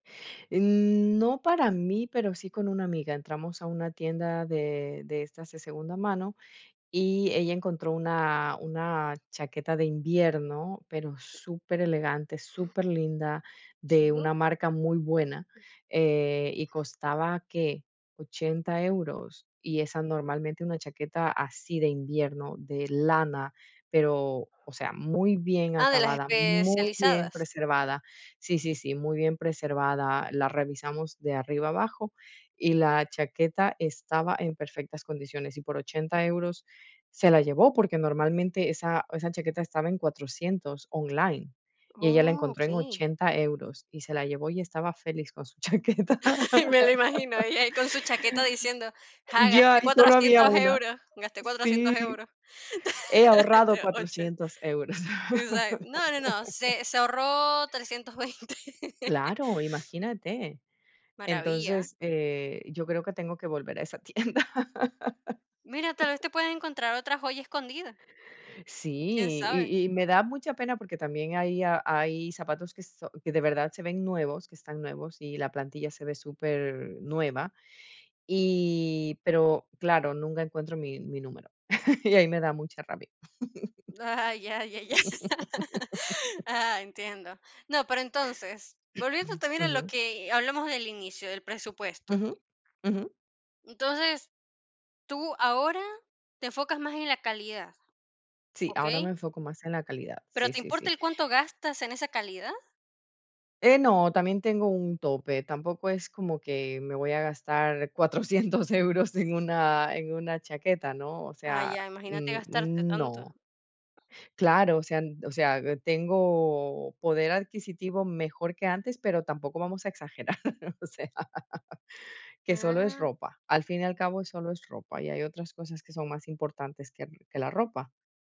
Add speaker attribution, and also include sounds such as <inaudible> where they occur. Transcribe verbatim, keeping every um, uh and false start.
Speaker 1: Eh, no para mí, pero, sí con una amiga, entramos a una tienda de de estas de segunda mano, y ella encontró una una chaqueta de invierno, pero, superelegante, superlinda, de
Speaker 2: Sí.
Speaker 1: una marca muy buena, eh, y costaba, ¿qué?, ochenta euros. Y esa, normalmente, una chaqueta así de invierno, de lana, pero, o sea, muy bien
Speaker 2: Ah, ¿de las
Speaker 1: acabada, muy bien
Speaker 2: especializadas?
Speaker 1: preservada. Sí, sí, sí, muy bien preservada. La revisamos de arriba a abajo, y la chaqueta estaba en perfectas condiciones, y por ochenta euros se la llevó, porque normalmente esa esa chaqueta estaba en cuatrocientos online. Y ella la
Speaker 2: Uh,
Speaker 1: encontró en
Speaker 2: okey.
Speaker 1: ochenta euros y se la llevó y estaba feliz con su chaqueta.
Speaker 2: <laughs> Me lo imagino, ahí ahí con su chaqueta diciendo: "Ja,
Speaker 1: Ya,
Speaker 2: gasté
Speaker 1: y solo había
Speaker 2: cuatrocientos
Speaker 1: una.
Speaker 2: euros, gasté cuatrocientos
Speaker 1: Sí,
Speaker 2: euros".
Speaker 1: "he ahorrado
Speaker 2: Oh, che.
Speaker 1: cuatrocientos euros".
Speaker 2: O sea, no, no, no,
Speaker 1: <laughs>
Speaker 2: se se ahorró trescientos veinte.
Speaker 1: Claro, imagínate.
Speaker 2: Maravilla.
Speaker 1: Entonces, eh, yo creo que tengo que volver a esa tienda.
Speaker 2: Mira, tal vez te puedas encontrar otra joya escondida. ¿Quién
Speaker 1: Sí,
Speaker 2: sabe?
Speaker 1: y y me da mucha pena, porque también hay hay zapatos que son que de verdad se ven nuevos, que están nuevos, y la plantilla se ve supernueva. Y, pero claro, nunca encuentro mi mi número, <laughs> y ahí me da mucha rabia.
Speaker 2: Ah, ya, ya, ya. <laughs>
Speaker 1: <laughs>
Speaker 2: Ah, entiendo. No, pero entonces, volviendo
Speaker 1: <clears throat>
Speaker 2: también a lo
Speaker 1: Ujú.
Speaker 2: que hablamos del inicio, del presupuesto.
Speaker 1: Ujú. Ujú.
Speaker 2: Entonces, tú ahora, te enfocas más en la calidad,
Speaker 1: Sí, ahora me
Speaker 2: ¿okey?
Speaker 1: enfoco más en la calidad.
Speaker 2: Pero,
Speaker 1: Sí,
Speaker 2: ¿te
Speaker 1: sí,
Speaker 2: importa
Speaker 1: sí.
Speaker 2: el cuánto gastas en esa calidad?
Speaker 1: Eh, no, también tengo un tope. Tampoco es como que me voy a gastar cuatrocientos euros en una en una chaqueta, ¿no? O
Speaker 2: Ah,
Speaker 1: sea,
Speaker 2: ya, imagínate
Speaker 1: n
Speaker 2: gastarte tanto.
Speaker 1: no. Claro, o sea o sea, tengo poder adquisitivo mejor que antes, pero tampoco vamos a exagerar, o sea, que solo es
Speaker 2: Ah.
Speaker 1: ropa. Al fin y al cabo solo es ropa, y hay otras cosas que son más importantes que que la ropa.